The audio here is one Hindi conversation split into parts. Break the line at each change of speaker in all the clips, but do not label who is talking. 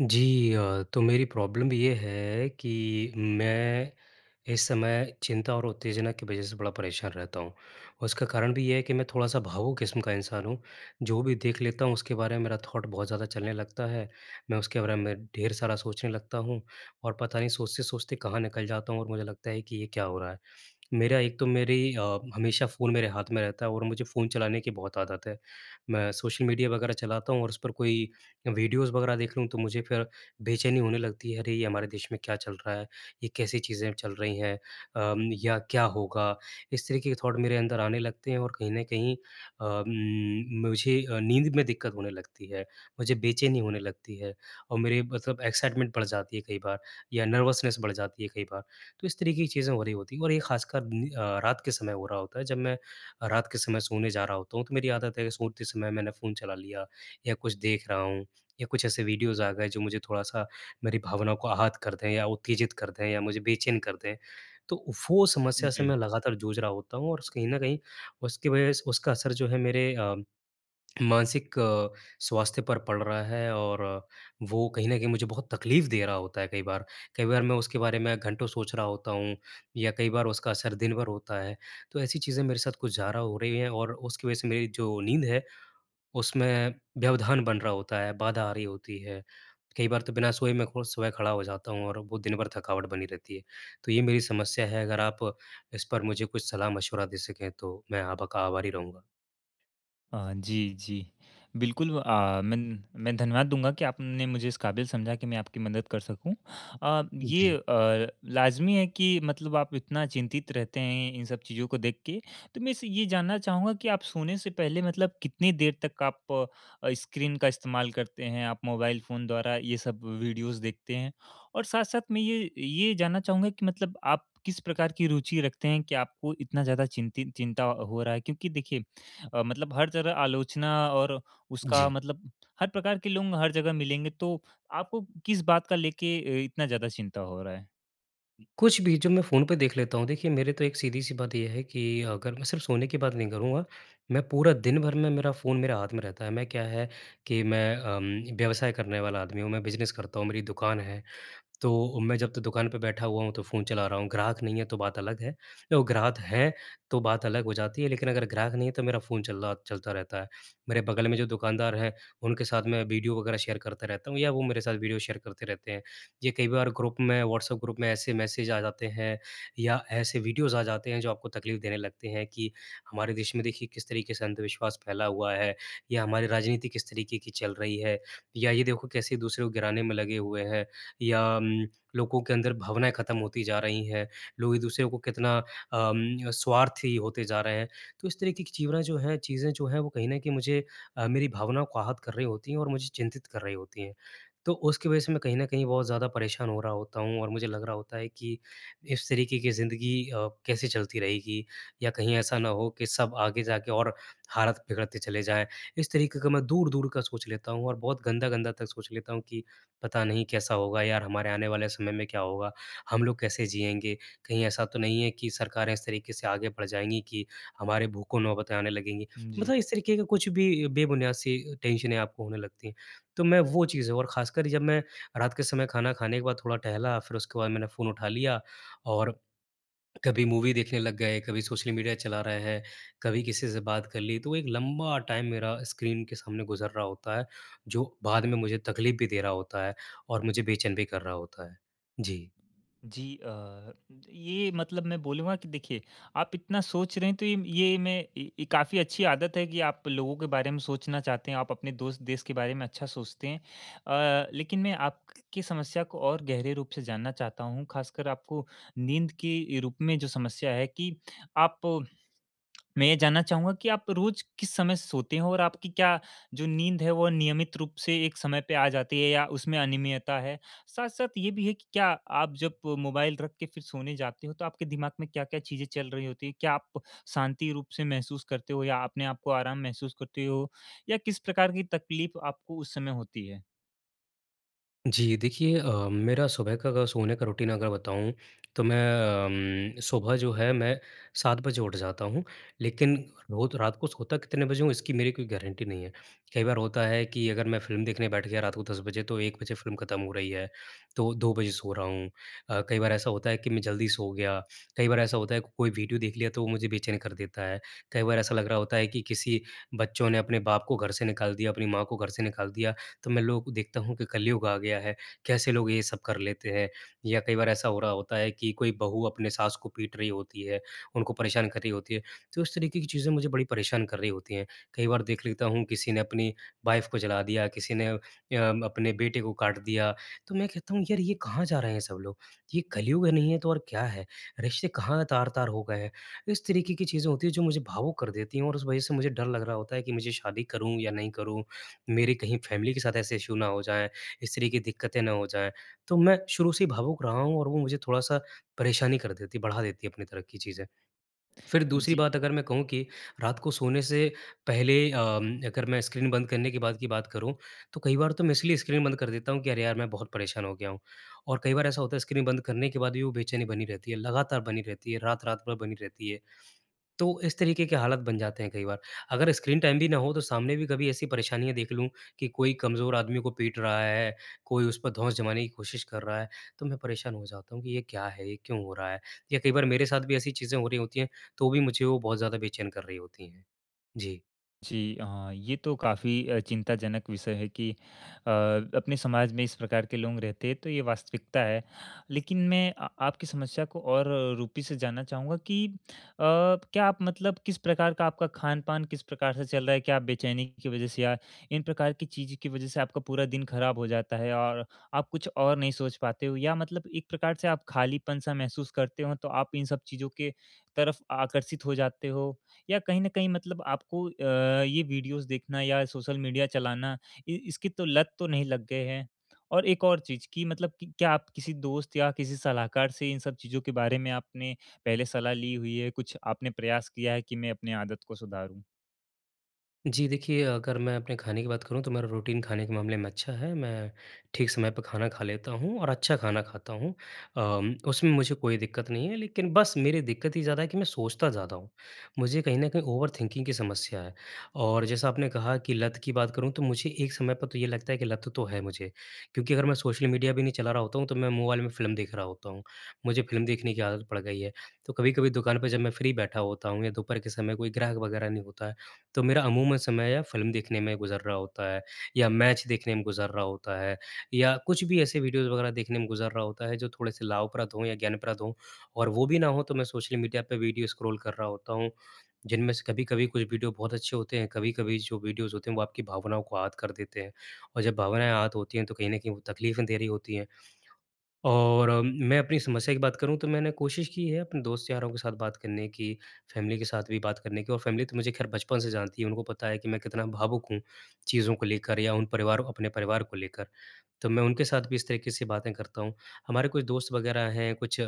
जी अ, तो मेरी प्रॉब्लम ये है कि मैं इस समय चिंता और उत्तेजना की वज़ह से बड़ा परेशान रहता हूँ, और उसका कारण भी ये है कि मैं थोड़ा-सा भावुक किस्म का इंसान हूँ। जो भी देख लेता हूँ उसके बारे में मेरा थॉट बहुत ज़्यादा चलने लगता है, मैं उसके बारे में ढेर सारा सोचने लगता हूँ, और पता नहीं सोचते-सोचते कहाँ निकल जाता हूँ और मुझे लगता है कि ये क्या हो रहा है। मेरा एक तो मेरी अ, हमेशा फ़ोन मेरे हाथ में रहता है और मुझे फ़ोन चलाने की बहुत आदत है। मैं सोशल मीडिया वग़ैरह चलाता हूँ और उस पर कोई अ, वीडियोज़ वग़ैरह देख लूँ, तो मुझे फिर बेचैनी होने लगती है, अरे, ये हमारे देश में क्या चल रहा है, ये कैसी चीज़ें चल रही हैं अ, म या क्या होगा, इस तरीके के थॉट मेरे अंदर आने लगते हैं। और कहीं न कहीं अ, उम, मुझे अ, नींद में दिक्कत होने लगती है, मुझे बेचैनी होने लगती है, और मेरे मतलब एक्साइटमेंट बढ़ जाती है कई बार, या नर्वसनेस बढ़ जाती है कई बार। तो इस तरीके की चीज़ें हो रही होती हैं, और ये ख़ासकर नि अ, रात के समय हो रहा होता है। जब मैं अ, रात के समय सोने जा रहा होता हूँ, तो मेरी आदत है सोते समय मैंने फ़ोन चला लिया, या कुछ देख रहा हूँ, या कुछ ऐसे वीडियोज़ आ गए जो मुझे थोड़ा-सा मेरी भावनाओं को आहत कर दें या उत्तेजित कर दें या मुझे बेचैन कर दें। तो वो समस्या से
जी।
मैं लगातार जूझ रहा होता हूँ, और उस कहीं न कहीं उसकी वज़ह उसका असर जो है मेरे अ, मानसिक स्वास्थ्य पर पड़ रहा है, और वो कहीं न कहीं मुझे बहुत तकलीफ दे रहा होता है कई बार। कई बार मैं उसके बारे में घंटों सोच रहा होता हूँ, या कई बार उसका असर दिन भर होता है। तो ऐसी चीज़ें मेरे साथ कुछ ज़्यादा हो रही हैं और उसकी वज़ह से मेरी जो नींद है, उसमें व्यवधान बन रहा होता है, बाधा आ रही होती है। कई बार तो बिना सोए में खु सुबह खड़ा हो जाता हूँ और वो दिन भर थकावट बनी रहती है। तो ये मेरी समस्या है, अगर आप इस पर मुझे कुछ सलाह-मशविरा दे सकें? तो मैं आप का आभारी रहूँगा।
अ, जी, जी। बिल्कुल अ, मैं न मैं धन्यवाद दूँगा कि आपने मुझे इस काबिल समझा कि मैं आपकी मदद कर सकूँ। अ,
उ, जी।
ये अ, लाज़मी है कि मतलब आप इतना चिंतित रहते हैं इन सब चीज़ों को देख के, तो मैं इस ये जानना चाहूँगा कि आप सोने से पहले मतलब कितनी देर तक आप अ, स्क्रीन का इस्तेमाल करते हैं, आप मोबाइल फ़ोन द्वारा ये सब वीडियोज़ देखते हैं और साथ-साथ मैं ये ये जानना चाहूँगा कि मतलब आप किस प्रकार की रुचि रखते हैं कि आपको इतना ज़्यादा चिंतित चिंता हो रहा है क्योंकि देखिए, मतलब हर जगह आलोचना और उसका
जी।
मतलब हर प्रकार के लोग हर जगह मिलेंगे तो आपको किस बात का लेके इतना ज़्यादा चिंता हो रहा है।
कुछ भी जब मैं फ़ोन पे देख लेता हूँ, देखिए, मेरे तो एक सीधी सी बात ये है कि अगर मैं सिर्फ सोने की बात नहीं करूँगा, मैं पूरा दिन भर में मेरा फ़ोन मेरे हाथ में रहता है। मैं क्या है कि, मैं अम, व्यवसाय करने वाला आदमी हूँ, मैं बिज़नेस करता हूँ मेरी दुकान है, तो मैं जब तक दुकान पर बैठा हुआ हूँ तो फ़ोन चला रहा हूँ, ग्राहक नहीं है तो बात अलग है, यो ग्राहक हैं तो बात अलग हो जाती है लेकिन अगर ग्राहक नहीं है तो मेरा फ़ोन चल रहा चलता रहता है। मेरे बगल में जो दुकानदार हैं उनके साथ मैं वीडियो वगैरह शेयर करते रहता हूँ या वो मेरे साथ वीडियो शेयर करते रहते हैं। ये कई बार ग्रुप में व्हाट्सएप ग्रुप में ऐसे मैसेज आ जाते हैं या ऐसे वीडियोज़ आ जाते हैं जो आपको तकलीफ देने लगते हैं कि हमारे देश में देखिए, किस तरीके से अंधविश्वास फैला हुआ है या हमारी राजनीति किस तरीके की चल रही है या ये देखो कैसे दूसरे को गिराने में लगे हुए हैं या अम, लोगों के अंदर भावनाएँ खत्म होती जा रही हैं, लोग एक-दूसरे को कितना अम, स्वार्थी होते जा रहे हैं। तो इस तरीके की चिवरा जो हैं चीज़ें जो हैं वो कहीं न कहीं मुझे अ, मेरी भावनाओं को आहत कर रही होती है और मुझे चिंतित कर रही होती हैं। तो उसकी वजह से मैं कहीं न कहीं और ज़्यादा परेशान हो रहा होता हूँ और मुझे लग रहा होता है कि इस तरीके की ज़िंदगी अ, कैसे चलती रहेगी या कहीं ऐसा ना हो कि सब आगे जाके और हालत बिगड़ते चले जाए इस तरीके का मैं दूर-दूर का सोच लेता हूँ और बहुत गंदा-गंदा तक सोच लेता हूँ, कि पता नहीं कैसा होगा? यार हमारे आने वाले समय में क्या होगा? हम लोग कैसे जिएँगे? कहीं ऐसा तो नहीं है कि सरकारें इस तरीके से आगे बढ़ जाएँगी कि, हमारे भूखों नौबतें आने लगेंगी
हुँ, जी।
मतलब इस तरीके के कुछ भी बेबुनियाद सी टेंशने आपको होने लगती हैं। तो मैं वो चीज़ें और खासकर जब मैं रात के समय खाना खाने के बाद थोड़ा टहला फिर उसके बाद मैंने फ़ोन उठा लिया और कभी मूवी देखने लग गए, कभी सोशल मीडिया चला रहे हैं, कभी किसी से बात कर ली तो एक लंबा टाइम मेरा स्क्रीन के सामने गुज़र रहा होता है, जो बाद में मुझे तकलीफ भी दे रहा होता है और मुझे बेचैन भी कर रहा होता है, जी।
जी, अ, ये मतलब मैं बोलूँगा कि देखिए आप इतना सोच रहे हैं तो इम ये मैं ये काफ़ी अच्छी आदत है कि आप लोगों के बारे में सोचना चाहते हैं, आप अपने दोस्त देश के बारे में अच्छा सोचते हैं। अ, लेकिन मैं आप की समस्या को और गहरे रूप से जानना चाहता हूँ, ख़ासकर आपको नींद के रूप में जो समस्या है कि आप मैं ये जानना चाहूँगा कि आप रोज़ किस समय सोते हैं और आपकी क्या जो नींद है, वो नियमित रूप से एक समय पे आ जाती है या उसमें अनियमितता है? साथ-साथ ये भी है कि क्या आप जब मोबाइल रख के फिर सोने जाते हो तो आपके दिमाग में क्या-क्या चीज़ें चल रही होती हैं? क्या आप शांति रूप से महसूस करते हो या अपने आप को आराम महसूस करते हो या किस प्रकार की तकलीफ़ आपको उस समय होती है?
जी, देखिए अ, मेरा सुबह का अगर सोने का रूटीन अगर बताऊँ तो मैं अम, सुबह जो है मैं 7 बजे उठ जाता हूँ, लेकिन रोज रात को सोता कितने बजे हूँ, इसकी मेरी कोई गारंटी नहीं है। कई बार होता है कि अगर मैं फ़िल्म देखने बैठ गया रात को 10 बजे तो 1 बजे फ़िल्म ख़त्म हो रही है, तो 2 बजे सो रहा हूँ। अ, कई बार ऐसा होता है कि मैं जल्दी सो गया, कई बार ऐसा होता है कोई वीडियो देख लिया तो वो मुझे बेचैन कर देता है, कई बार ऐसा लग रहा होता है कि किसी बच्चों ने अपने बाप को घर से निकाल दिया, अपनी माँ को घर से निकाल दिया तो मैं लोग को देखता हूँ कि कलयुग आ गया है, कैसे लोग ये सब कर लेते हैं, या कई बार ऐसा हो रहा होता है कि कोई बहू अपने सास को पीट रही होती है, उनको परेशान कर रही होती है। तो इस तरीके की चीज़ें मुझे बड़ी परेशान कर रही होती हैं, कई बार देख लेता हूँ किसी ने अपनी वाइफ़ को जला दिया, किसी ने अ, अपने बेटे को काट दिया तो मैं कहता हूँ यार ये कहाँ जा रहे हैं सब लोग, ये कलयुग नहीं है तो और क्या है, रिश्ते कहाँ तार-तार हो गए हैं, इस तरीके की चीज़ें होती हैं जो मुझे भावुक कर देती हैं और उस वज़ह से मुझे डर लग रहा होता है कि मुझे शादी करूँ या नहीं करूँ। मेरी कहीं फैमिली के साथ ऐसे इश्यू ना हो जाएँ, इस तरह की दिक्कतें ना हो जाएँ, तो मैं शुरू से ही भावुक रहा हूँ और वो मुझे थोड़ा-सा परेशानी कर देती है बढ़ा देती है अपनी तरह की चीज़ें। फिर दूसरी
जी।
बात अगर मैं कहूँ कि रात को सोने से पहले अम, अगर मैं स्क्रीन बंद करने के बाद की बात करूँ तो कई बार तो मैं इसलिए स्क्रीन बंद कर देता हूँ कि अरे! यार मैं बहुत परेशान हो गया हूँ। और कई बार ऐसा होता है स्क्रीन बंद करने के बाद भी वो बेचैनी बनी रहती है, लगातार बनी रहती है, रात-रात भर बनी रहती है। तो इस तरीके के हालत बन जाते हैं कई बार अगर स्क्रीन टाइम भी ना हो तो सामने भी कभी ऐसी परेशानियाँ देख लूँ कि कोई कमज़ोर आदमी को पीट रहा है, कोई उस पर धौंस जमाने की कोशिश कर रहा है तो मैं परेशान हो जाता हूँ कि ये क्या है, ये क्यों हो रहा है? या कई बार मेरे साथ भी ऐसी चीज़ें हो रही होती हैं तो भी मुझे वो बहुत ज़्यादा बेचैन कर रही होती हैं। जी।
जी, हाँ, ये तो काफ़ी अ, चिंताजनक विषय है कि अ, अपने समाज में इस प्रकार के लोग रहते हैं, तो ये वास्तविकता है। लेकिन मैं अ, आपकी समस्या को और रूपी से जानना चाहूँगा कि अ, क्या आप मतलब किस प्रकार का आपका खान-पान किस प्रकार से चल रहा है? क्या आप बेचैनी की वजह से या इन प्रकार की चीज़ों की वजह से आपका पूरा दिन खराब हो जाता है और आप कुछ और नहीं सोच पाते हो? या मतलब एक प्रकार से आप खालीपन-सा महसूस करते हो, तो आप इन सब चीज़ों की तरफ आकर्षित हो जाते हो? या कहीं न कहीं मतलब आपको अ, ये वीडियोज़ देखना या सोशल मीडिया चलाना, इ इसकी तो लत तो नहीं लग गए है? और एक और चीज़ कि मतलब कि क्या आप किसी दोस्त या किसी सलाहकार से इन सब चीज़ों के बारे में आपने पहले सलाह ली हुई है? कुछ आपने प्रयास किया है कि, "मैं अपनी आदत को सुधारूँ?"
जी, देखिए, अगर मैं अपने खाने की बात करूँ, तो मेरा रूटीन खाने के मामले में अच्छा है। मैं ठीक समय पे खाना खा लेता हूँ और अच्छा खाना खाता हूँ। अम, उसमें मुझे कोई दिक्कत नहीं है, लेकिन बस मेरी दिक्कत ये ज़्यादा है कि मैं सोचता ज़्यादा हूँ। मुझे कहीं न कहीं ओवर थिंकिंग की समस्या है। और जैसा आपने कहा कि लत की बात करूँ, तो मुझे एक समय पर तो ये लगता है कि लत तो है मुझे, क्योंकि अगर मैं सोशल मीडिया भी नहीं चला रहा होता हूँ, तो मैं मोबाइल में फ़िल्म देख रहा होता हूँ। मुझे फ़िल्म देखने की आदत पड़ गई है। तो कभी-कभी दुकान पे जब मैं फ्री बैठा होता हूँ या दोपहर के समय कोई ग्राहक वगैरह नहीं होता है, तो मेरा अमूमन समय या फ़िल्म देखने में गुज़र रहा होता है या मैच देखने में गुज़र रहा होता है या कुछ भी ऐसे वीडियोज़ वगैरह देखने में गुज़र रहा होता है जो थोड़े-से लाभप्रद हों या ज्ञानप्रद हों। और वो भी ना हों, तो मैं सोशल मीडिया पे वीडियो स्क्रॉल कर रहा होता हूँ, जिनमें से कभी-कभी कुछ वीडियो बहुत अच्छे होते हैं, कभी-कभी जो वीडियोज़ होते हैं, वो आपकी भावनाओं को आहत कर देते हैं, और जब भावनाएँ आहत होती हैं, तो कहीं न कहीं वो तकलीफ़ें दे रही होती हैं। और मैं अपनी समस्या की बात करूँ, तो मैंने कोशिश की है अपने दोस्त-यारों के साथ बात करने की, फ़ैमिली के साथ भी बात करने की, और फ़ैमिली तो मुझे ख़ैर बचपन से जानती है। उनको पता है कि मैं कितना भावुक हूँ, चीज़ों को लेकर या उन परिवारों अपने परिवार को लेकर। तो मैं उनके साथ भी इस तरीके से बातें करता हूँ। हमारे कुछ दोस्त वगैरह हैं, कुछ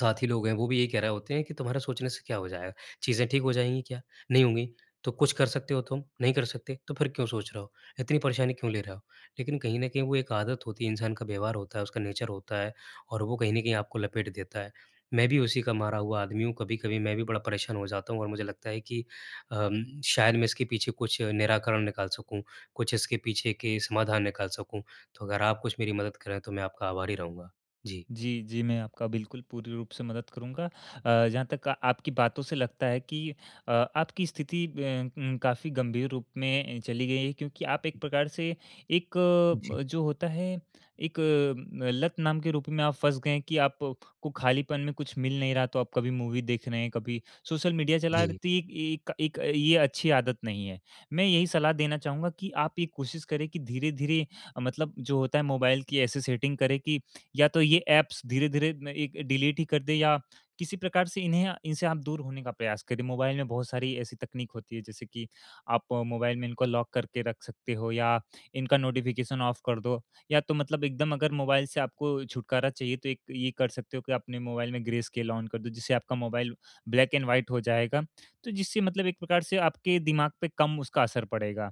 साथी लोग हैं, वो भी यही कह रहे होते हैं कि, "तुम्हारा सोचने से क्या हो जाएगा? चीज़ें ठीक हो जाएँगी क्या? नहीं होंगी। तो कुछ कर सकते हो तुम? नहीं कर सकते। तो फिर क्यों सोच रहे हो? इतनी परेशानी क्यों ले रहे हो?" लेकिन कहीं न कहीं वो एक आदत होती है, इंसान का व्यवहार होता है, उसका नेचर होता है, और वो कहीं न कहीं आपको लपेट देता है। मैं भी उसी का मारा हुआ आदमी हूँ। कभी-कभी मैं भी बड़ा परेशान हो जाता हूँ और मुझे लगता है कि अम, शायद मैं इसके पीछे कुछ निराकरण निकाल सकूँ, कुछ इसके पीछे के समाधान निकाल सकूँ। तो अगर आप कुछ मेरी मदद करें, तो मैं आपका आभारी रहूँगा। जी।
जी, जी, मैं आपका बिल्कुल पूरी रूप से मदद करूँगा। अ, जहाँ तक आपकी बातों से लगता है कि अ, आपकी स्थिति अ, उम, काफ़ी गंभीर रूप में ए, चली गई है। क्योंकि आप एक प्रकार से एक
जी।
अ, जो होता है, एक अ, लत नाम के रूप में आप फँस गए हैं कि आपको खालीपन में कुछ मिल नहीं रहा, तो आप कभी मूवी देख रहे हैं, कभी सोशल मीडिया चला रहे।
जी।
तो एक एक एक अ, ये अच्छी आदत नहीं है। मैं यही सलाह देना चाहूँगा कि आप ये कोशिश करें कि धीरे-धीरे, मतलब जो होता है, मोबाइल की ऐसी सेटिंग करें कि या तो ये ऐप्स धीरे-धीरे म एक डिलीट ही कर दें या किसी प्रकार से इन्हें इनसे आप दूर होने का प्रयास करें। मोबाइल में बहुत सारी ऐसी तकनीक होती हैं, जैसे कि आप मोबाइल में इनको लॉक करके रख सकते हो या इनका नोटिफ़िकेशन ऑफ कर दो। या तो मतलब एकदम अगर मोबाइल से आपको छुटकारा चाहिए, तो एक ये कर सकते हो कि आप अपने मोबाइल में ग्रे स्केल ऑन कर दो, जिससे आपका मोबाइल ब्लैक एंड व्हाइट हो जाएगा। तो जिससे मतलब एक प्रकार से आपके दिमाग पे कम उसका असर पड़ेगा।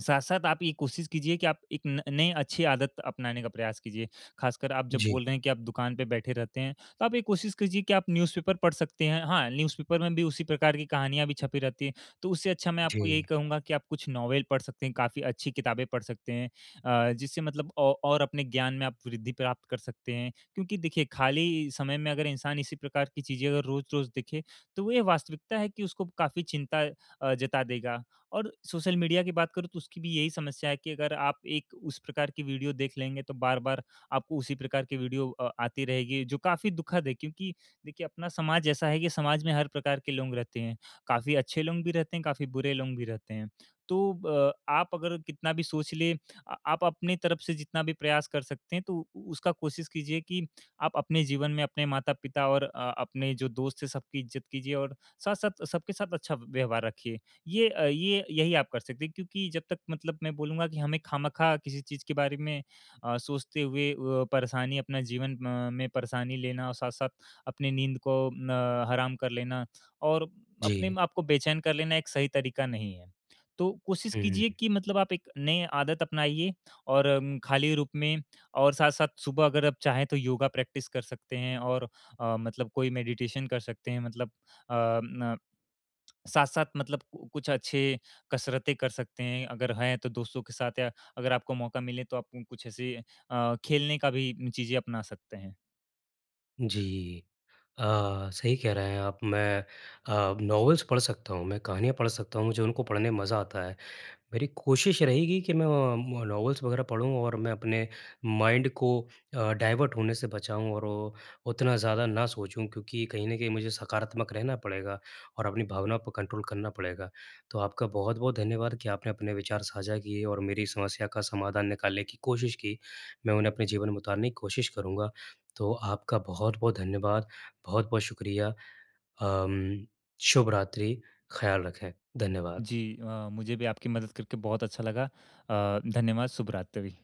साथ-साथ आप ये कोशिश कीजिए कि आप एक न नए अच्छी आदत अपनाने का प्रयास कीजिए। खासकर आप जब
जी।
बोल रहे हैं कि आप दुकान पे बैठे रहते हैं, तो आप ये कोशिश कीजिए कि आप न्यूज़पेपर पढ़ सकते हैं। हाँ, न्यूज़पेपर में भी उसी प्रकार की कहानियाँ भी छपी रहती हैं, तो उससे अच्छा मैं आपको
जी।
यही कहूँगा कि आप कुछ नोवेल पढ़ सकते हैं, काफ़ी अच्छी किताबें पढ़ सकते हैं अ, जिससे मतलब औ और अपने ज्ञान में आप वृद्धि प्राप्त कर सकते हैं। क्योंकि देखिए, खाली समय में अगर इंसान इसी प्रकार की चीज़ें अगर रोज़-रोज़ देखें, तो वो ये वास्तविकता है कि उसको काफ़ी चिंता अ, जता देगा। और सोशल मीडिया की बात करूँ, तो उसकी भी यही समस्या है कि अगर आप एक उस प्रकार की वीडियो देख लेंगे, तो बार-बार आपको उसी प्रकार की वीडियो अ, आती रहेगी, जो काफ़ी दुखद है, क्योंकि देखिए, अपना समाज ऐसा है कि समाज में हर प्रकार के लोग रहते हैं। काफ़ी अच्छे लोग भी रहते हैं, काफ़ी बुरे लोग भी रहते हैं। तो ब आप अगर कितना भी सोच लें अ, आप अपनी तरफ से जितना भी प्रयास कर सकते हैं, तो उ उसका कोशिश कीजिए कि आप अपने जीवन में अपने माता-पिता और अ, अपने जो दोस्त हैं, सबकी इज़्ज़त कीजिए और साथ-साथ, सबके साथ अच्छा व्यवहार रखिए। ये अ, ये यही आप कर सकते हैं, क्योंकि जब तक मतलब मैं बोलूँगा कि हमें खामखा किसी चीज़ के बारे में अ, सोचते हुए अ, परेशानी अपना जीवन अ, में परेशानी लेना और साथ-साथ अपनी नींद को अ, हराम कर लेना और अपने
जी।
आप को बेचैन कर लेना एक सही तरीका नहीं है। तो कोशिश कीजिए
हुँ।
कि मतलब आप एक नए आदत अपनाइए और अम, खाली रूप में। और साथ-साथ, सुबह अगर आप चाहें, तो योगा प्रैक्टिस कर सकते हैं और अ, मतलब कोई मेडिटेशन कर सकते हैं, मतलब अ, न साथ-साथ मतलब कुछ अच्छे कसरतें कर सकते हैं। अगर हैं, तो दोस्तों के साथ या अगर आपको मौका मिले, तो आप कुछ ऐसे अ, खेलने का भी चीज़ें अपना सकते हैं।
जी। अ, सही कह रहे हैं आप। मैं अ, नॉवल्स पढ़ सकता हूँ, मैं कहानियाँ पढ़ सकता हूँ, मुझे उनको पढ़ने में मज़ा आता है। मेरी कोशिश ये रहेगी कि मैं अम, नॉवल्स वगैरह पढ़ूँ और मैं अपने माइंड को अ, डायवर्ट होने से बचाऊँ और वो उतना ज़्यादा ना सोचूँ, क्योंकि कहीं न कहीं मुझे सकारात्मक रहना पड़ेगा और अपनी भावना पे कंट्रोल करना पड़ेगा। तो आपका बहुत-बहुत धन्यवाद कि आपने अपने विचार साझा किए और मेरी समस्या का समाधान निकालने की कोशिश की। मैं उन्हें अपने जीवन में उतारने की कोशिश करूँगा। तो आपका बहुत-बहुत धन्यवाद, बहुत-बहुत शुक्रिया। अम, शुभ रात्रि, ख़याल रखें। धन्यवाद।
जी। अ, मुझे भी आपकी मदद करके बहुत अच्छा लगा। अ, धन्यवाद, शुभ रात्रि।